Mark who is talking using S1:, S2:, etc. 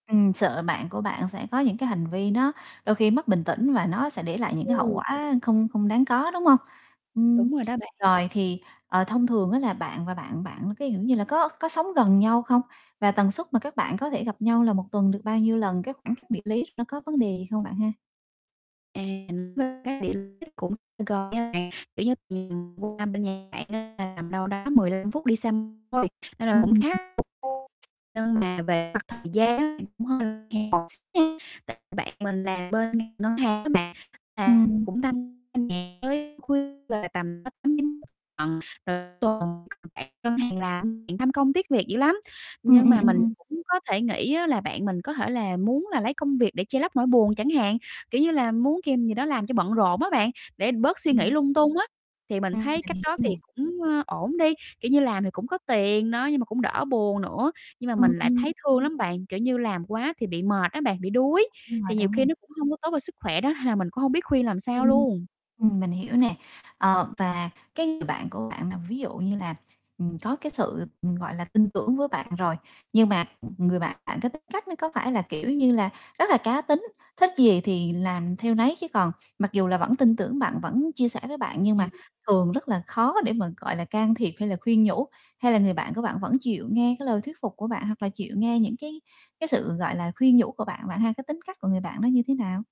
S1: Ừm, sợ bạn của bạn sẽ có những cái hành vi nó đôi khi mất bình tĩnh và nó sẽ để lại những cái hậu
S2: Ừ.
S1: quả không không đáng có, đúng hông? Ừm,
S2: Đúng rồi đó bạn.
S1: rồi thì, ờ, thông thường á là bạn và bạn bạn, cái kiểu như là, có có sống gần nhau không? Và tần suất mà các bạn có thể gặp nhau là 1 tuần được bao nhiêu lần? Cái khoảng cách địa lý nó có vấn đề gì không bạn ha?
S2: À, ừm, với các điểm đó cũng gần nha bạn, kiểu như, ừm, qua bên nhà bạn á, là tầm đâu đó 15 phút đi xe thôi nên là
S1: Ừm,
S2: cũng
S1: ừm.
S2: khá [unintelligible] nhưng mà về mặt thời gian á bạn, cũng hơi [unintelligible] tại bạn mình làm bên ngành ngân hàng á bạn, là
S1: Ừm.
S2: cũng tăng [unintelligible] tới khuya là tầm cỡ 8:00-9:00, [unintelligible] rồi tuần [unintelligible] bạn ngân hàng làm, bạn tham công tiếc việc dữ lắm.
S1: Ừm,
S2: Nhưng
S1: ừm,
S2: mà
S1: ừm,
S2: mình
S1: ừm.
S2: cũng có thể nghĩ á, là bạn mình có thể là muốn là lấy công việc để che lấp nỗi buồn chẳng hạn, kiểu như là, muốn kìm gì đó làm cho bận rộn á bạn, để bớt suy nghĩ
S1: Ừm.
S2: lung tung á, thì mình
S1: Ừm.
S2: thấy
S1: Mình
S2: cách
S1: hiểu
S2: đó thì
S1: nè.
S2: cũng, ơ, ổn đi, kiểu như, làm thì cũng có tiền đó, nhưng mà cũng đỡ buồn nữa. Nhưng mà
S1: Ừm,
S2: mình lại
S1: ừm.
S2: thấy thương lắm bạn, kiểu như, làm quá thì bị mệt á bạn, bị đuối,
S1: Đúng rồi,
S2: thì nhiều
S1: đúng
S2: khi
S1: rồi.
S2: nó cũng hông có tốt cho sức khỏe đó, hay là mình cũng không biết khuyên làm sao
S1: Ừm,
S2: luôn.
S1: ừm, mình hiểu nè. Ờ, và cái người bạn của bạn là ví dụ như là, ừm, có cái sự, ừm, gọi là, tin tưởng với bạn rồi, nhưng mà, ừm, người bạn bạn, cái tính cách nó có phải là, kiểu như là, rất là cá tính, thích gì thì làm theo nấy, chứ còn mặc dù là vẫn tin tưởng bạn vẫn chia sẻ với bạn nhưng mà
S2: Ừm.
S1: thường rất là khó để mà, gọi là, can thiệp hay là khuyên nhủ? Hay là người bạn của bạn vẫn chịu nghe cái lời thuyết phục của bạn, hoặc là chịu nghe những cái cái sự, gọi là, khuyên nhủ của bạn, bạn ha? Cái tính cách của người bạn đó như thế nào?